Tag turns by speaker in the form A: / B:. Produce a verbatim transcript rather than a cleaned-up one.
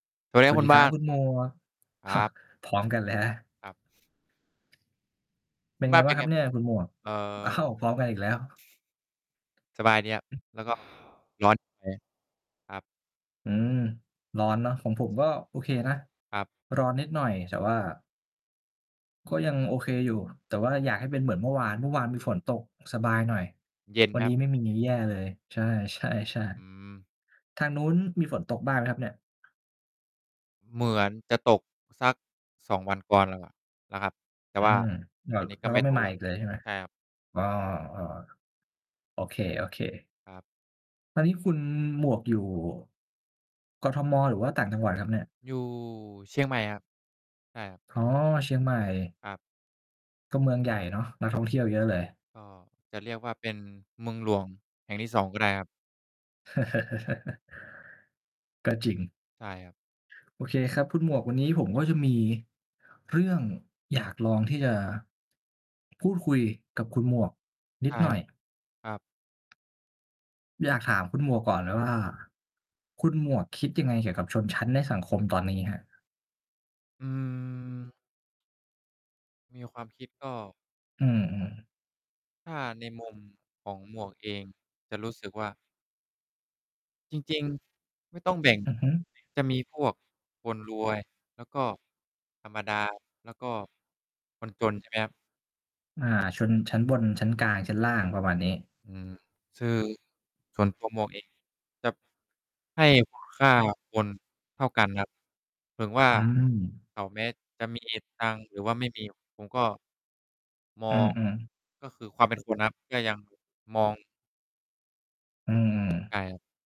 A: สวัสดี
B: ส
A: คร
B: ว
A: ั
B: ั
A: บ
B: ส
A: คุ
B: ด
A: ณ
B: ีค
A: บ
B: รั
A: ้า
B: บ
A: น
B: คุณหมวก
A: ครับ
B: พร้อมกัน เลยนะ
A: ครับ
B: เป
A: คุ
B: ็
A: ณ
B: น
A: บ้
B: ไง
A: าน
B: บ
A: เ
B: ้
A: ป
B: า
A: ็น
B: งคร
A: ไ
B: ั
A: ง?
B: บเนี่ยคุณหมวก?
A: เอ่อ
B: อ้าว พร้อม
A: คร
B: กั
A: ับ
B: นอีกแล้ว
A: สบายดีครับ แล้วก็ ร้อน นิดหน่อย ครับ
B: อืม ร้อนเนาะ ของผมก็โอเคนะ
A: ครับ
B: ร้อนนิดหน่อย แต่ว่า ก็ยังโอเคอยู่ แต่ว่าอยากให้เป็นเหมือนเมื่อวาน เมื่อวานมีฝนตก สบายหน่อย
A: เย็น
B: วัน
A: ค
B: น
A: ร
B: ี
A: ับ
B: ้ไม่มีงี้แย่เลย ใช่
A: อื
B: ๆ
A: ม
B: ๆ ทางนู้นมีฝนตกบ้างไหมครับเนี่ย?
A: เหมือนจะตกสัก สอง วันก่อนแล้วแหละนะครับ แต่
B: อื
A: ว่า
B: ม แล้
A: อ
B: ว
A: ันนี้
B: แ
A: ก
B: ล
A: ็
B: ้ว
A: ไ
B: ก
A: ม
B: ็
A: ่
B: ไม่
A: ตก
B: มา
A: แล้
B: อ
A: ว
B: ีกเลยใช่ไหม?
A: ใช่ครับ
B: อ๋อ ๆ โอเค ๆ
A: ครับ
B: ตอนนี้คุณหมวกอยู่ กทม. หรือว่าต่างจังหวัดครับเนี่ย?
A: อยู่ เชียงใหม่ครับ ใช่ครับ
B: อ๋อ เชียงใหม่
A: ครับ
B: ก็เมืองใหญ่เนาะ นักท่องเที่ยวเยอะเลย
A: ก็จะเรียกว่า เป็นเมืองหลวงแห่งที่ สอง ก็ได้ครับ
B: ก็จริง
A: ใช่ครับ
B: โอเคครับคุณหมวก วันนี้ผมก็จะมีเรื่องอยากลองที่จะ พูดคุยกับคุณหมวกน
A: ใ
B: ิ
A: ช
B: ด
A: ่
B: หน่อย
A: ครับ ครับ
B: อยากถามคุณหมวกก่อนเลยว่า คุณหมวกคิดยังไงเกี่ยวกับชนชั้นในสังคมตอนนี้ครับ?
A: อืม มีความคิดก็
B: อือ ๆ
A: ถ้าในมุมของหมวกเอง จะรู้สึกว่า จริง ๆ ไม่ต้องแบ่ง
B: อือฮึ
A: จะมีพวกคนรวย แล้วก็ธรรมดา แล้วก็คนจน ใช่ไหมครับ
B: อา ชนชั้นบน ชั้นกลาง ชั้นล่าง ประมาณนี้
A: อืม ชือ ส่วนตัวหมวกเอง จะให้คุณค่าคนเท่ากันครับ ถึงว่า
B: อืม
A: เขา แม้จะมีเหตุตังค์หรือว่าไม่มี ผมก็ ม
B: อ
A: อ
B: ื
A: ง
B: อ ๆ
A: ก็คือความเป็นคนนะครับ ก็ยัง มอง
B: อืม
A: ใช่ครับ